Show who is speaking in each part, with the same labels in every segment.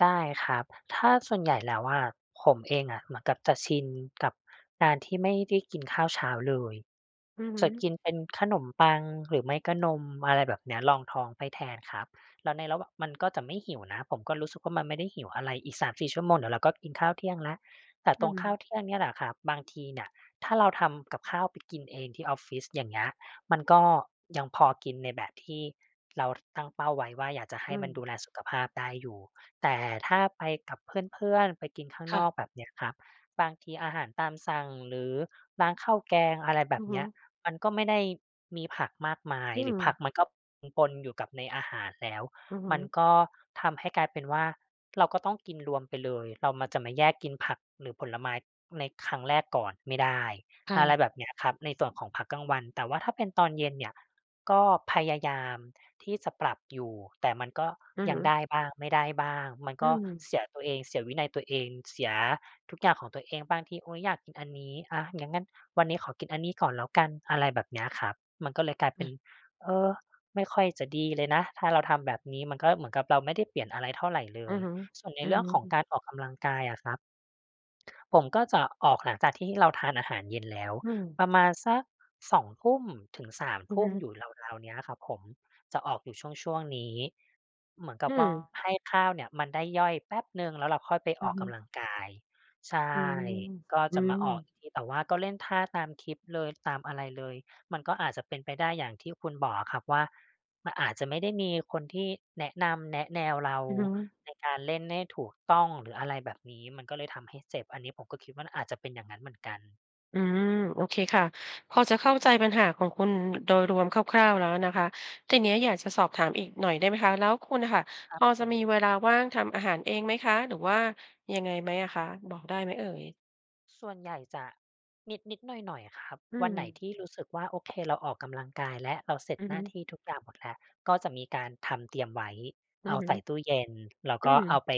Speaker 1: ได้ครับ ถ้าส่วน ใหญ่แล้วอะ ผมเองอะ เหมือนกับจะชินกับการที่ไม่ได้ กินข้าวเช้าเลย
Speaker 2: อือฮึ
Speaker 1: จะกินเป็นขนมปัง หรือไม่ก็นม อะไรแบบนี้รองท้องไปแทนครับ แล้วในระหว่าง มันก็จะไม่หิวนะ ผมก็รู้สึกว่ามันไม่ได้หิวอะไร อีก 3-4 ชั่วโมงเดี๋ยวเราก็กินข้าวเที่ยงแล้ว แต่
Speaker 2: อื
Speaker 1: ตรงข้าว
Speaker 2: ม
Speaker 1: เที่ยงเนี่ยแหละครับ บางทีน่ะ ถ้าเราทำกับข้าวไปกินเองที่ออฟฟิศ อย่างเงี้ย มันก็ ยังพอกินในแบบที่เรา ท ตั้งเป้าไว้ว่า อยากจะให
Speaker 2: อื
Speaker 1: ้มันด
Speaker 2: ม
Speaker 1: ูแลสุขภาพได้อยู่ แต่ถ้าไปกับเพื่อน ๆ ไปกินข้าง
Speaker 2: ค่
Speaker 1: น
Speaker 2: ะ
Speaker 1: อก แบบเนี่ยครับ บางทีอาหารตามสั่ง หรือร้านข้าวแกง อะไรแบ
Speaker 2: อื
Speaker 1: บ
Speaker 2: อฮ
Speaker 1: นี้
Speaker 2: ึ
Speaker 1: มันก็ไม่ได้มีผักมากมาย
Speaker 2: อื
Speaker 1: หรือผ
Speaker 2: ม
Speaker 1: ักมันก็ปน ๆ อยู่กับในอาหารแล้ว
Speaker 2: อือฮ
Speaker 1: มั
Speaker 2: ึ
Speaker 1: นก็ทำให้กลายเป็นว่าเราก็ต้องกินรวมไปเลย เรามา จะมาแยกกินผักหรือผลไม้ในครั้งแรกก่อนไม่ได้
Speaker 2: ค่
Speaker 1: อะไร
Speaker 2: ะ
Speaker 1: แบบเนี้ยครับ ในส่วนของพักกลางวัน แต่ว่าถ้าเป็นตอนเย็นเนี่ย ก็พยายามที่จะปรับอยู่ แต่มันก็
Speaker 2: อือ
Speaker 1: ย
Speaker 2: ฮ
Speaker 1: ังไ
Speaker 2: ึ
Speaker 1: ด้บ้าง ไม่ได้บ้าง มัน
Speaker 2: อื
Speaker 1: ก็
Speaker 2: ม
Speaker 1: เสียตัวเอง เสียวินัยตัวเอง เสียทุกอย่างของตัวเอง บ้างที "โอ๊ย อยากกินอันนี้ อา อย่างงั้นวันนี้ขอกินอันนี้ก่อนแล้วกัน" อะไรแบบนี้ครับ มันก็เลยกลายเ
Speaker 2: ค
Speaker 1: ป
Speaker 2: ่
Speaker 1: ็น
Speaker 2: ะ
Speaker 1: เออ ไม่ค่อยจะดีเลยนะ ถ้าเราทำแบบนี้ มันก็เหมือนกับเราไม่ได้เปลี่ยน อะไรเท่าไรเล
Speaker 2: อือ
Speaker 1: ย
Speaker 2: ฮึ
Speaker 1: ส่วนใน
Speaker 2: อื
Speaker 1: เรื่องของ
Speaker 2: อ
Speaker 1: การออกกำลังกายอะครับ ผมก็จะออกหลังจากที่เราทานอาหารเย็นแล้ว
Speaker 2: อืม
Speaker 1: ประมาณสัก 2 ทุ่มถึง 3
Speaker 2: อื
Speaker 1: ท
Speaker 2: อ
Speaker 1: ุ
Speaker 2: ฮ
Speaker 1: ่ม
Speaker 2: ึ
Speaker 1: อยู่ราว ๆ เนี้ยอะครับ ผมจะออกอยู่ช่วง ๆ นี้ เหมือนก
Speaker 2: อ
Speaker 1: ั
Speaker 2: ื
Speaker 1: บว่า
Speaker 2: ม
Speaker 1: ให้ข้าวเนี่ยมันได้ย่อยแป๊บหนึ่ง แล้วเราค่อยไป
Speaker 2: อื
Speaker 1: อ
Speaker 2: อ
Speaker 1: อก
Speaker 2: ฮ
Speaker 1: ก
Speaker 2: ึ
Speaker 1: ำลังกาย ใช่
Speaker 2: อืม
Speaker 1: ก็
Speaker 2: อื
Speaker 1: จะมาออก
Speaker 2: ม
Speaker 1: อีกที แต่ว่าก็เล่นท่า ตามคลิปเลย ตามอะไรเลย มันก็อาจจะเป็นไปได้ อย่างที่คุณบอกอะครับ ว่ามันอาจจะไม่ได้มีคนที่แนะนำ แนะแนวเรา
Speaker 2: อือฮึ
Speaker 1: ในการเล่นได้ถูกต้อง หรืออะไรแบบนี้ มันก็เลยทำให้เจ็บ อันนี้ผมก็คิดว่ามันอาจจะเป็นอย่างนั้นเหมือนกัน
Speaker 2: อืม โอเคค่ะ พอจะเข้าใจปัญหาของคุณโดยรวมคร่าว ๆ แล้วนะคะ ทีนี้อยากจะสอบถามอีกหน่อย ได้ไหมคะ แล้วคุณอะค่ะ
Speaker 1: ครั
Speaker 2: พ
Speaker 1: บ
Speaker 2: อ
Speaker 1: ผ
Speaker 2: จะ
Speaker 1: ม
Speaker 2: มีเวลาว่างทำอาหารเองไหมคะ หรือว่า ยังไงไหมอะคะ บอกได้ไหมเอ่ย?
Speaker 1: ส่วนใหญ่จะนิด ๆ หน่อย ๆ ครับ
Speaker 2: อื
Speaker 1: วันไหน
Speaker 2: ม
Speaker 1: ที่รู้สึกว่า โอ เค เราออกกำลังกายแล้ว เราเสร็จ
Speaker 2: อือ
Speaker 1: หน
Speaker 2: ฮ
Speaker 1: ้า
Speaker 2: ึ
Speaker 1: ที่ทุกอย่างหมดแล้ว ก็จะมีการทำเตรียมไว้
Speaker 2: อื
Speaker 1: เอ
Speaker 2: อ
Speaker 1: า
Speaker 2: ฮ
Speaker 1: ใส่
Speaker 2: ึ
Speaker 1: ตู้เย็น แล้ว
Speaker 2: อื
Speaker 1: ก็เ
Speaker 2: ม
Speaker 1: อาไป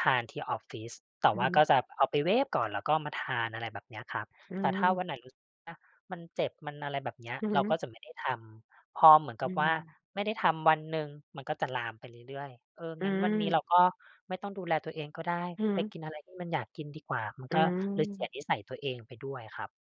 Speaker 1: ทานที่ออฟฟิศ แต่
Speaker 2: อือ
Speaker 1: ว่
Speaker 2: ฮ
Speaker 1: าก
Speaker 2: ึ
Speaker 1: ็จะเอาไปเวฟก่อน แล้วก็มาทาน อะไรแบบนี้ครับ
Speaker 2: อื
Speaker 1: แต่ถ้าว
Speaker 2: ม
Speaker 1: ันไหนรู้สึกว่ามันเจ็บ มันอะไรแบบเนี้ย
Speaker 2: อือฮ
Speaker 1: เรา
Speaker 2: ึ
Speaker 1: ก็จะไม่ได้ทำ พอเหมือนก
Speaker 2: อื
Speaker 1: ับว่า
Speaker 2: ม
Speaker 1: ไม่ได้ทำวันหนึ่ง มันก็จะ ลามไปเรื่อย ๆ เอ่อ
Speaker 2: อื
Speaker 1: งั้นวันนี้เร
Speaker 2: ม
Speaker 1: าก็ไม่ต้องดูแลตัวเองก็ได้
Speaker 2: อือ
Speaker 1: ไ
Speaker 2: ฮ
Speaker 1: ป
Speaker 2: ึ
Speaker 1: กินอะไรที่มันอยากกินดีกว่า มัน
Speaker 2: อื
Speaker 1: ก็เลยเสีย
Speaker 2: ม
Speaker 1: นิสัยตัวเองไปด้วยอะครับ